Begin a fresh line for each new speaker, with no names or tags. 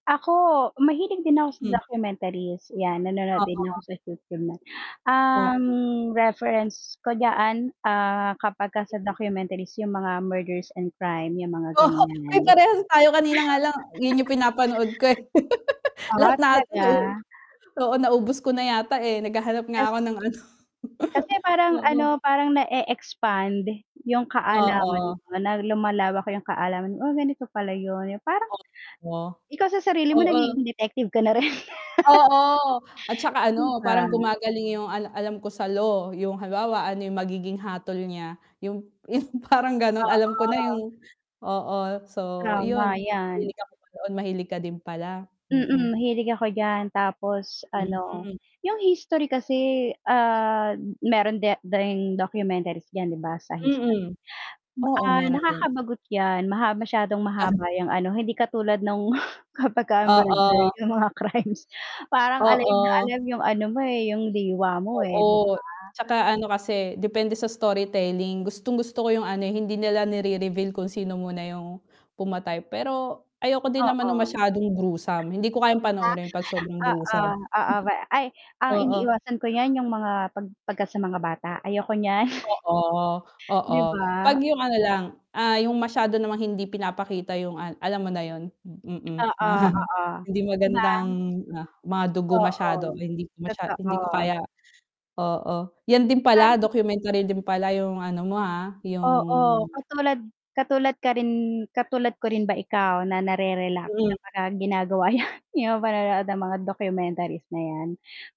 Ako, mahilig din ako sa
Mm.
documentaries yan, nanonood din ako
Oo.
sa YouTube niyan. Um,
Oo.
reference ko diyaan, ah, kapagka sa documentaries yung mga murders and crime, yung mga
Oo ay
ganiyan.
parehas tayo kanina nga lang yun yung pinapanood ko, eh. Lahat
Ah,
na ata nauu
talaga.
oo, naubos ko na yata, eh, naghahanap nga
Yes.
ako ng ano
Kasi parang
oo.
ano parang nae-expand yung kaalaman
Oo.
mo, na lumalawak yung kaalaman, "Oh ganito pala yun," eh, parang,
O o.
ikaw sa sarili mo
Oo.
nagiging detective ka na rin.
Oo at saka
'Di
ano,
ba.
parang gumagaling yung alam alam ko sa law, yung halimbawa yung magiging hatol niya, yung yung parang ganon, alam ko na
Oo.
yung oo, so
Tama
yun.
yan.
Mahilig ako doon, mahilig ka din pala,
Mm,
mm.
mahilig ako diyan tapos ano
Hmm.
yung history kasi, ah, meron di ding documentaries diyan 'di ba sa history.
Mm,
Ba
oo
ah,
meron din.
nakakabagot yan maha masyadong
Ah.
mahaba yang ano, hindi katulad nung kapagka ah, murder
Oo.
yung mga crimes, parang alive na
Oo.
alive yung ano mo, eh, yung diwa mo, eh, 'di
Oo,
ba?
'tsaka ano kasi, depende sa story telling gustong-gusto ko yung ano, hindi nila nirereveal kung sino muna yung pumatay, pero ayoko din naman nung
Oo.
masyadong gruesome, hindi ko kayang
'Di
panoorin 'pag sobrang
ba, oo,
gruesome.
oo, ay, ang
Oo.
iniiwasan ko niyan yung mga 'pag 'pagka sa mga bata, ayoko niyan.
Oo,
'Di
oo, 'pag
ba?
yung ano lang, ah, yung masyado namang hindi pinapakita yung an alam mo na yun, mm,
Oo,
mga
oo,
hindi
'di ba?
magandang mga dugo masyado
Oo,
hindi ko masya hindi ko
totoo.
kaya oo. Yan din
Fan
pala
m
documentary din pala yung ano mo ha, yung
Oo, katulad katulad ka rin, katulad ko rin ba ikaw na nare-relax
Mhm.
kapagka ginagawa yan, yung panood ng mga documentaries na yan.